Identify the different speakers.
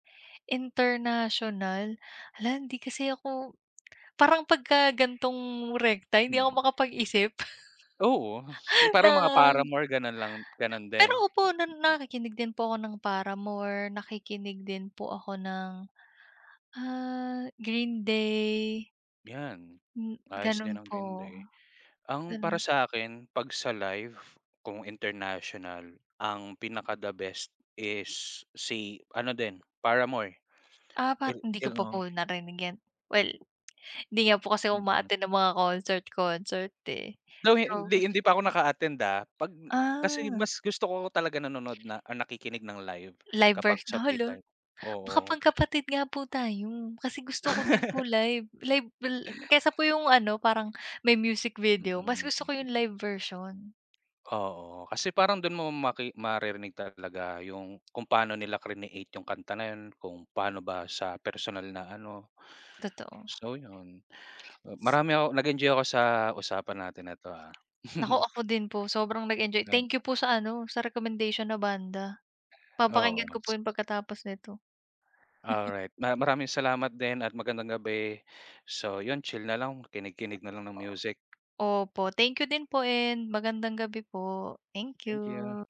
Speaker 1: International? Hala, hindi kasi ako parang pagka gan'tong rekta hindi ako
Speaker 2: Mm.
Speaker 1: makapag-isip
Speaker 2: Oo, s parang mga
Speaker 1: ng
Speaker 2: Paramore ganun lang, ganun
Speaker 1: pero
Speaker 2: din. Mm.
Speaker 1: opo na nakikinig din po ako ng Paramore, nakikinig din po ako ng, ah, Green Day.
Speaker 2: 'Yan.
Speaker 1: Hmm,
Speaker 2: Ayos
Speaker 1: ganun
Speaker 2: din ang Green
Speaker 1: po.
Speaker 2: Day. Ang para
Speaker 1: Gano'n.
Speaker 2: sa akin 'pag sa live kung international, ang pinaka the best is si ano din, Paramore.
Speaker 1: Ah,
Speaker 2: Il
Speaker 1: parang hindi ko
Speaker 2: il
Speaker 1: pa po
Speaker 2: oh.
Speaker 1: narinig 'yan. Well, hindi nga po kasi ako
Speaker 2: Mm.
Speaker 1: uma-attend ng mga concert-concert, eh.
Speaker 2: Though
Speaker 1: Pero
Speaker 2: hin
Speaker 1: gusto
Speaker 2: hindi
Speaker 1: ko
Speaker 2: pa ako
Speaker 1: po.
Speaker 2: naka-attend, ah. 'Pag kasi
Speaker 1: Ah.
Speaker 2: mas gusto ko talaga nanonood na nakikinig ng live
Speaker 1: Live
Speaker 2: kapag
Speaker 1: birth
Speaker 2: sa
Speaker 1: 'no,
Speaker 2: free
Speaker 1: hala!
Speaker 2: time,
Speaker 1: Baka
Speaker 2: oo.
Speaker 1: magkapatid nga po tayo. Kasi gusto ko din po live. Live lil kaysa po yung ano, parang may music
Speaker 2: Mm,
Speaker 1: video, mas gusto ko yung
Speaker 2: mm.
Speaker 1: live version.
Speaker 2: Oo. Kasi parang dun mo maki maririnig talaga yung kung paano nila crineate yung kanta na yun, kung paano ba sa personal na ano.
Speaker 1: Totoo.
Speaker 2: So yun, marami ako nag-enjoy ako sa usapan natin na 'to, ha.
Speaker 1: Naku, ako din po sobrang nag-enjoy
Speaker 2: Tama.
Speaker 1: thank you po sa ano, sa recommendation na banda.
Speaker 2: Oo
Speaker 1: Papakinggan ko po
Speaker 2: s
Speaker 1: yun pagkatapos nito.
Speaker 2: Alright. Na maraming salamat din at magandang gabi. So yun, chill na lang, kinig-kinig nalang ng
Speaker 1: Oo.
Speaker 2: music.
Speaker 1: Opo thank you din po and magandang gabi po. Thank
Speaker 2: Thank
Speaker 1: you.
Speaker 2: you.